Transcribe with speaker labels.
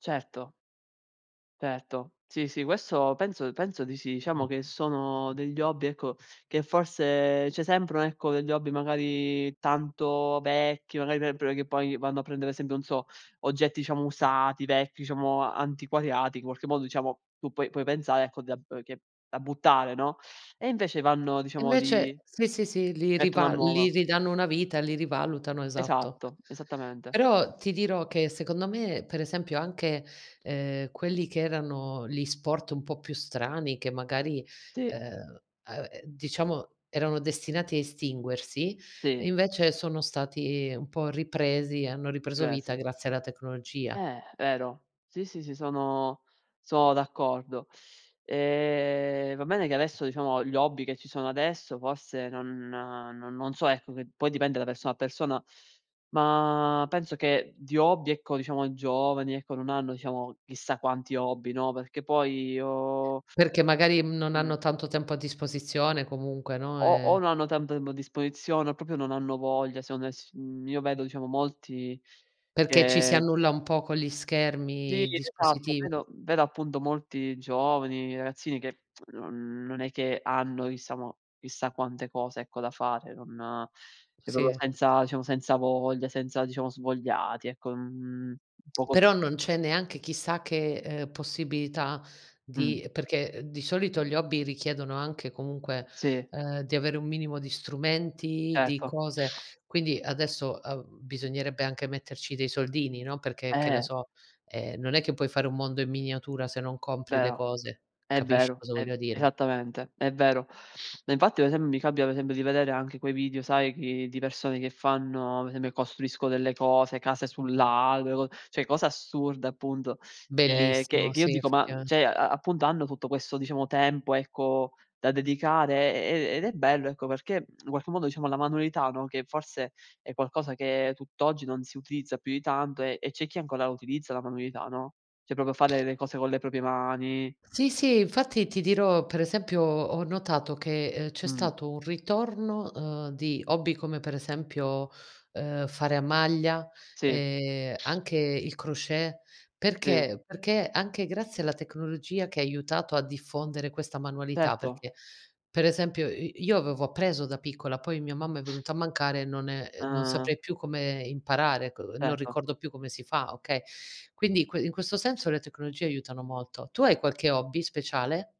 Speaker 1: Certo. Certo. Sì, sì, questo penso penso di sì. Diciamo che sono degli hobby, ecco, che forse c'è sempre un ecco, degli hobby magari tanto vecchi, magari [unintelligible] che poi vanno a prendere, esempio non so, oggetti diciamo usati, vecchi, diciamo antiquariati, in qualche modo diciamo, tu puoi puoi pensare ecco, da b che da buttare, no, e invece vanno
Speaker 2: E
Speaker 1: diciamo
Speaker 2: invece
Speaker 1: di
Speaker 2: sì, sì, sì, li
Speaker 1: mettono a
Speaker 2: riva li
Speaker 1: nuova.
Speaker 2: ridanno una vita, li rivalutano, esatto.
Speaker 1: Esatto, esattamente.
Speaker 2: Però ti dirò che secondo me, per esempio, anche, ehm, quelli che erano li sport un po' più strani, che magari,
Speaker 1: Sì.
Speaker 2: ehm, uhm, ehm, diciamo erano destinati a estinguersi,
Speaker 1: Sì.
Speaker 2: invece sono stati un po' ripresi, hanno ripreso vita
Speaker 1: Grazi
Speaker 2: grazie alla tecnologia.
Speaker 1: Eh, vero. Sì, sì, sì, sono sono d'accordo. Ehm, va bene che adesso, diciamo gli hobby che ci sono adesso forse, non non so ecco, che poi dipende da persona a persona, ma penso che di hobby ecco, diciamo i giovani ecco, non hanno diciamo, chissà quanti hobby, no, perché poi o
Speaker 2: Perché magari, mhmm, non
Speaker 1: Mh.
Speaker 2: hanno tanto tempo a disposizione comunque, no,
Speaker 1: O o
Speaker 2: ehm
Speaker 1: non hanno tanto tempo a disposizione o proprio non hanno voglia secondo e s mhmm, io vedo diciamo molti
Speaker 2: Perché ci si
Speaker 1: che
Speaker 2: annulla un po' con gli
Speaker 1: Sì,
Speaker 2: schermi, i
Speaker 1: esatto.
Speaker 2: dispositivi.
Speaker 1: Vedo vedo appunto molti giovani, ragazzini che non non è che hanno diciamo chissà mo chissà quante cose ecco da fare, non cioè proprio
Speaker 2: Sì.
Speaker 1: senza diciamo senza voglia, senza diciamo svogliati, ecco, mhmm, un po' co
Speaker 2: Però non c'è neanche chissà che, ehm, possibilità
Speaker 1: Mh.
Speaker 2: di perché di solito gli hobby richiedono anche comunque,
Speaker 1: Sì.
Speaker 2: ehm, di avere un minimo di strumenti, di
Speaker 1: Certo.
Speaker 2: cose. Quindi adesso, uhm, bisognerebbe anche metterci dei soldini, no. Perché che ne
Speaker 1: Eh.
Speaker 2: so, ehm, non è che puoi fare un mondo in miniatura se non compri le
Speaker 1: Vero,
Speaker 2: cose.
Speaker 1: è
Speaker 2: Capisci
Speaker 1: vero,
Speaker 2: cosa
Speaker 1: è
Speaker 2: voglia dire?
Speaker 1: esattamente, è vero. Ma infatti ad esempio, mi capita, pe esempio di vedere anche quei video sai chi di persone che fanno, per esempio costruisco delle cose, case sul lago, le co cioè cosa assurda appunto, che che
Speaker 2: Bellissimo,
Speaker 1: che io
Speaker 2: sì,
Speaker 1: dico: "Ma
Speaker 2: effettivame
Speaker 1: cioè, a appunto hanno tutto questo diciamo tempo ecco, da dedicare". E e ed è bello ecco, perché in qualche modo diciamo la manualità, no, che forse è qualcosa che tutt'oggi non si utilizza più di tanto e e c'è chi ancora utilizza la manualità, no, cioè proprio fare le cose con le proprie mani.
Speaker 2: Sì, sì. Infatti ti dirò, per esempio ho notato che, ehm, c'è
Speaker 1: Mh.
Speaker 2: stato un ritorno, uhm, di hobby come per esempio, ehm, fare a maglia
Speaker 1: Sì.
Speaker 2: e anche il crochet.
Speaker 1: Sì.
Speaker 2: Perché? Perché anche grazie alla tecnologia che ha aiutato a diffondere questa manualità,
Speaker 1: Certo.
Speaker 2: perché per esempio i io avevo appreso da piccola, poi mia mamma è venuta a mancare e non è e non saprei
Speaker 1: Ah-ah.
Speaker 2: più come imparare, co non
Speaker 1: Certo.
Speaker 2: ricordo più come si fa, okay. Quindi in que questo senso le tecnologie aiutano molto. Tu hai qualche hobby speciale?